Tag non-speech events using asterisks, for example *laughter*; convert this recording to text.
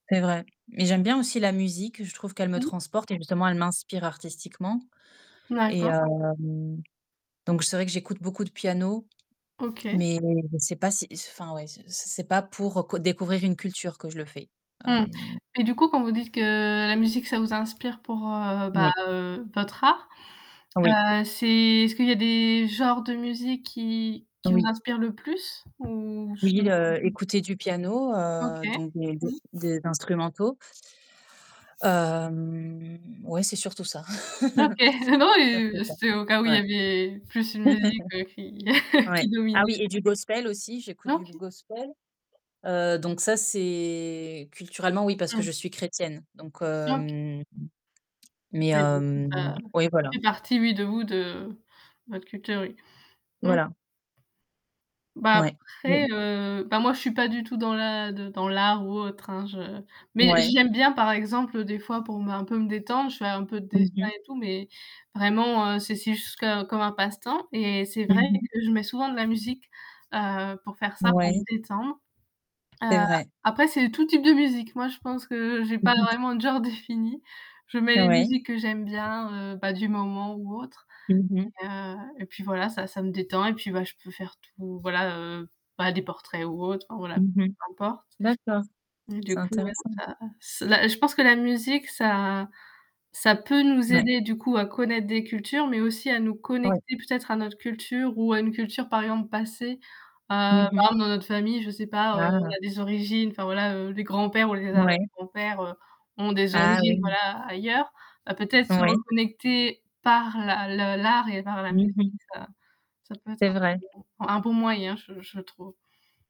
C'est vrai. Mais j'aime bien aussi la musique, je trouve qu'elle me Mmh. transporte et justement elle m'inspire artistiquement. Et D'accord. hem, donc c'est vrai que j'écoute beaucoup de piano, OK. mais c'est pas si il se enfin ouais, ce ce c'est pas pour, heu, co découvrir une culture que je le fais. Mmh. Hem Et du coup quand vous dites que la musique ça vous inspire pour heu, bah oui. heu, votre art, Oui. heu, c'est est-ce qu'il y a des genres de musique qui qui vous Oui. inspirent le plus? ou ce Oui, heu, écouter du piano, OK. heu, donc des des Mmh. des instrumentaux Hem, ouais, c'est surtout ça. OK. *chuckles* Non, Ça c'est heu, ça c'est au cas où il y ouais. avait plus une musique heu, qui *chuckles* *chuckles* qui Ouais. Ah dominait oui, de et du gospel aussi, j'écoute du OK. gospel. Heu, donc ça c'est culturellement oui, parce que je Mmh. suis chrétienne. Donc, OK. hem mais Ouais du coup hem, ça oui, ça voilà! fait partie oui de vous de de votre culture, oui. Mmh. Voilà. Bah Ouais. Mmh mh. après, heu, bah moi je suis pas du tout dans la de dans l'art ou autre hein, je mais Ouais. j'y aime bien par exemple des fois pour me un peu me détendre, je fais un peu de Mmh dessin mh. et tout. Mais, vraiment heu c'est si juste co comme un passe-temps et c'est Mmh vrai mh. que je mets souvent de la musique, heu, pour faire ça, pour me Ouais. détendre. C'est Heu, vrai. après c'est tout type de musique. Moi je pense que j'ai Mmh pas mh. vraiment de genre défini. Je mets les Oui. musiques que j'aime bien, heu, bah du moment ou autre. Mmh mh. Et heu, et puis voilà ça ça me détend et puis bah, je peux faire tout voilà heu, bah des portraits ou autre enfin voilà, peu Mmh mh. importe. D'accord, Et c'est du coup, ouais intéressant. ça ce la je pense que la musique ça ça peut nous Ouais. aider du coup à connaître des cultures, mais aussi à nous Ouais. connecter peut-être à notre culture ou à une culture par exemple passée. Heu, par Mmh mh. exemple dans notre famille, je sais pas, heu, Ah! on a des origines, enfin voilà heu, les grands-pères ou les arrières Ouais. grands-pères heu, ont des Ah origines oui! voilà, ailleurs. Heu, peut-être se Oui. reconnecter par la le l'art et par la Mmh musique mh. heu ça ça peut être C'est un vrai. bon un bon moyen, je je trouve.